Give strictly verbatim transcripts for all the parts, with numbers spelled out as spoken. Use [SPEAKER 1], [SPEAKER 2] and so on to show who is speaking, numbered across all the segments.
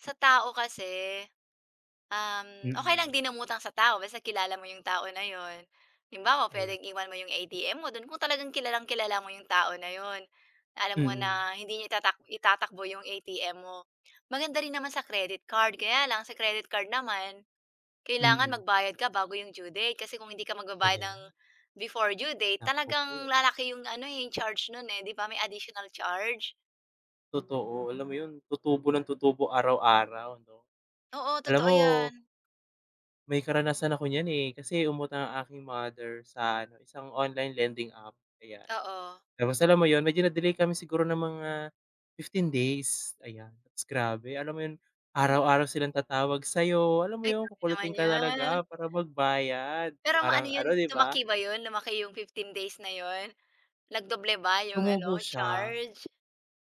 [SPEAKER 1] Sa tao kasi, um, okey
[SPEAKER 2] Mm.
[SPEAKER 1] lang din umatang sa tao basta kilala mo yung tao na 'yon, halimbawa
[SPEAKER 2] Ayan.
[SPEAKER 1] puwedeng iwan mo yung A-T-M mo do'n kung talagang kilalang-kilala mo yung tao na 'yon, alam mo
[SPEAKER 2] Mm.
[SPEAKER 1] na hindi niya itatak itatakbo yung A-T-M mo. Maganda rin naman sa credit card kaya lang sa credit card naman, kailangan
[SPEAKER 2] Mm.
[SPEAKER 1] magbayad ka bago yung due date kasi kung hindi ka magbabayad ng
[SPEAKER 2] Ayan.
[SPEAKER 1] before due date
[SPEAKER 2] Naku
[SPEAKER 1] talagang
[SPEAKER 2] po.
[SPEAKER 1] lalaki yung ano, eh, yung charge nun, eh, 'di ba may additional charge.
[SPEAKER 2] Totoo alam mo 'yon tutubo ng tutubo ara-araw 'no.
[SPEAKER 1] Oo,
[SPEAKER 2] Alam
[SPEAKER 1] totoo
[SPEAKER 2] mo
[SPEAKER 1] 'yan.
[SPEAKER 2] May karanasan ako niyan, eh, kasi umutang ang aking mother sa ano, isang online lending app ayan,
[SPEAKER 1] Oo.
[SPEAKER 2] tapos alam mo yun medyo na-delay kami siguro ng mga fifteen days ayan, grabe alam mo yun,
[SPEAKER 1] Mhm.
[SPEAKER 2] araw-araw silang tatawag sa'yo alam mo
[SPEAKER 1] Ay,
[SPEAKER 2] yung
[SPEAKER 1] grabe
[SPEAKER 2] kukulitin
[SPEAKER 1] naman
[SPEAKER 2] ka
[SPEAKER 1] 'yan.
[SPEAKER 2] talaga para magbayad
[SPEAKER 1] Pero maano
[SPEAKER 2] parang
[SPEAKER 1] 'yon
[SPEAKER 2] ano, 'di ba?
[SPEAKER 1] lumaki ba yun lumaki yung fifteen days na 'yon, nag-doble ba yung ano
[SPEAKER 2] Tumubo siya.
[SPEAKER 1] charge?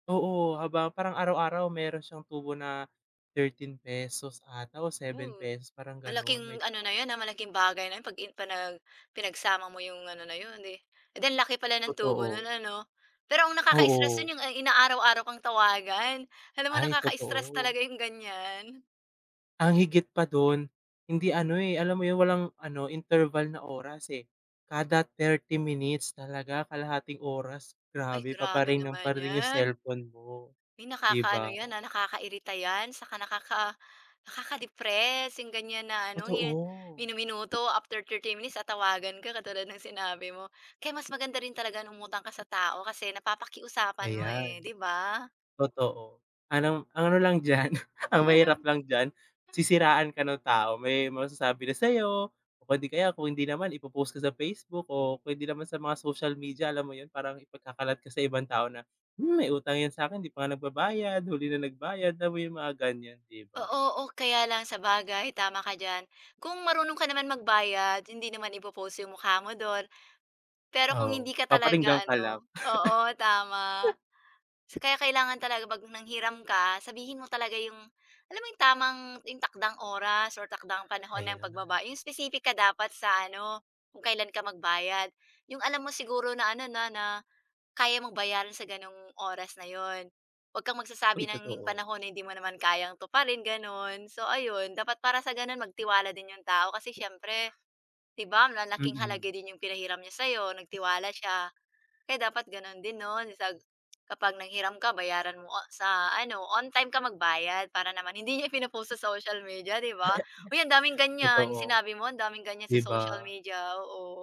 [SPEAKER 2] Oo, haba parang araw-araw meron siyang tubo na thirteen pesos 'ata o seven
[SPEAKER 1] Mm,
[SPEAKER 2] peso parang
[SPEAKER 1] malaking
[SPEAKER 2] gano'n may
[SPEAKER 1] ano na
[SPEAKER 2] charge.
[SPEAKER 1] 'yon, ah, malaking bagay na 'yon 'pag in panag pinagsama mo yung ano na 'yon, eh, eh, di ang laki pala ng tubo no'n
[SPEAKER 2] Totoo.
[SPEAKER 1] ano. Pero ang nakaka-istress
[SPEAKER 2] Oo.
[SPEAKER 1] nun yung inaaraw-araw kang tawagan alam mo
[SPEAKER 2] Ay,
[SPEAKER 1] nakaka-istress talaga
[SPEAKER 2] totoo.
[SPEAKER 1] yung gan'yan.
[SPEAKER 2] Ang higit pa dun, hindi ano, eh, alam mo yung walang ano interval na oras, eh, kada thirty minutes talaga kalahating oras
[SPEAKER 1] Ay
[SPEAKER 2] grabe
[SPEAKER 1] grabe
[SPEAKER 2] pa-pa-ring ng
[SPEAKER 1] naman
[SPEAKER 2] pa-ring yung
[SPEAKER 1] 'yan.
[SPEAKER 2] cellphone mo,
[SPEAKER 1] Uy,
[SPEAKER 2] 'di ba?
[SPEAKER 1] nakakaano 'yan, ah, nakakairita 'yan 'tsaka nakaka nakaka-depress yung gan'yan na ano,
[SPEAKER 2] Totoo.
[SPEAKER 1] minu-minuto after thirty minutes tatawagan ka katulad ng sinabi mo, kaya mas maganda rin talaga umutang ka sa tao kasi napapakiusapan mo eh,
[SPEAKER 2] Ayan.
[SPEAKER 1] 'di ba?
[SPEAKER 2] Totoo alam ang ano lang diyan, ang mahirap lang diyan, sisiraan ka ng tao may masasabi na sa'yo o hindi kaya kung hindi naman ipo-post ka sa Facebook o kung hindi naman sa mga social media, alam mo 'yon parang ipagkakalat ka sa ibang tao na, "Hmm, may utang 'yan sa'kin hindi pa nga nagbabayad huli na nagbayad," alam mo yung mga gan'yan, 'di ba?
[SPEAKER 1] Oo, o kaya lang sabagay tama ka diyan, kung marunong ka naman magbayad hindi naman i-po-post yung mukha mo do'n. Pero kung
[SPEAKER 2] Oo,
[SPEAKER 1] hindi ka talaga
[SPEAKER 2] paparinggan ka lang.
[SPEAKER 1] ano oo tama. Kaya kailangan talaga 'pag nanghiram ka sabihin mo talaga yung, alam mo yung tamang, yung takdang oras or takdang panahon ng
[SPEAKER 2] Ayan.
[SPEAKER 1] pagbaba yung specific ka dapat sa ano, kung kailan ka magbayad. Yung alam mo siguro na ano na na, kaya mong bayaran sa gano'ng oras na 'yon, 'wag kang magsasabi
[SPEAKER 2] Uy,
[SPEAKER 1] ng
[SPEAKER 2] totoo.
[SPEAKER 1] panahon na hindi mo naman kayang tuparin gano'n. So ayun dapat para sa gano'n magtiwala din yung tao kasi siyempre, 'di ba malaking
[SPEAKER 2] Mm.
[SPEAKER 1] halaga din yung pinahiram niya sa 'yo nagtiwala siya, kaya dapat gano'n din 'no, sa kapag nanghiram ka bayaran mo on sa ano, on-time ka magbayad para naman hindi niya pino-post sa social media, 'di ba? Uy, ang daming gan'yan, yung
[SPEAKER 2] Totoo.
[SPEAKER 1] sinabi mo ang daming gan'yan
[SPEAKER 2] 'Di
[SPEAKER 1] sa social
[SPEAKER 2] ba?
[SPEAKER 1] media, oo.